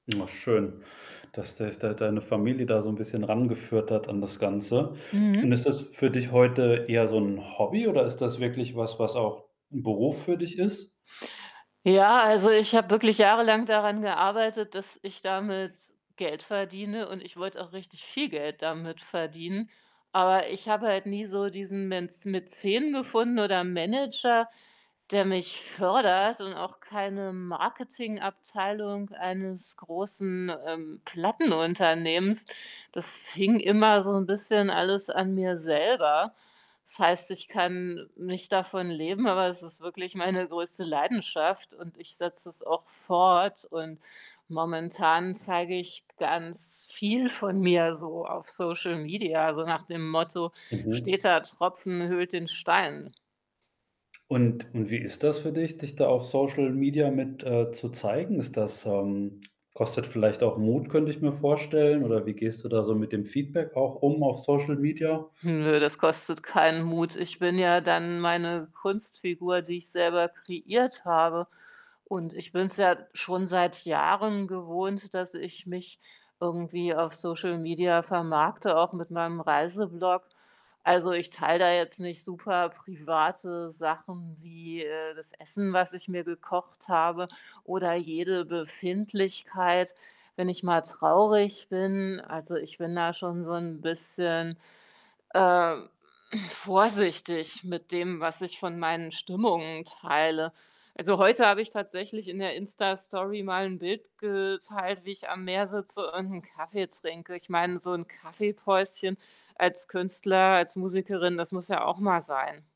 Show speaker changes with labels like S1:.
S1: Na, schön, dass dich da deine Familie da so 'n bisschen ran geführt hat an das Ganze. Und
S2: Mhm.
S1: ist das für dich heute eher so 'n Hobby oder ist das wirklich was, was auch 'n Beruf für dich ist?
S2: Ja, also, ich habe wirklich jahrelang daran gearbeitet, dass ich damit Geld verdiene und, ich wollte auch richtig viel Geld damit verdienen. Aber ich habe halt nie so diesen Mänz Mäzen gefunden oder Manager, der mich fördert und auch keine Marketingabteilung eines großen, ähm, Plattenunternehmens. Das hing immer so 'n bisschen alles an mir selber. Das heißt, ich kann nicht davon leben, aber es ist wirklich meine größte Leidenschaft und ich setze es auch fort, und momentan zeige ich ganz viel von mir so auf Social Media, so nach dem Motto:
S1: Mhm.
S2: „Steter Tropfen höhlt den Stein.“
S1: Und und wie ist das für dich, dich da auf Social Media mit, äh zu zeigen? Ist das, ähm kostet vielleicht auch Mut, könnte ich mir vorstellen oder wie gehst du da so mit dem Feedback auch um auf Social Media?
S2: Hm, nö, das kostet keinen Mut. Ich bin ja dann meine Kunstfigur, die ich selber kreiert habe und ich bin's ja schon seit Jahren gewohnt, dass ich mich irgendwie auf Social Media vermarkte, auch mit meinem Reise-Blog. Also ich teile da jetzt nicht superprivate Sachen wie, äh, das Essen, was ich mir gekocht habe oder jede Befindlichkeit, wenn ich mal traurig bin, also ich bin da schon so 'n bisschen, äh, hm, vorsichtig mit dem, was ich von meinen Stimmungen teile. Also, heute habe ich tatsächlich in der Insta-Story mal 'n Bild geteilt, wie ich am Meer sitze und 'n Kaffee trinke. Ich meine, so 'n Kaffee-Päuschen als Künstler, als Musikerin, das muss ja auch mal sein.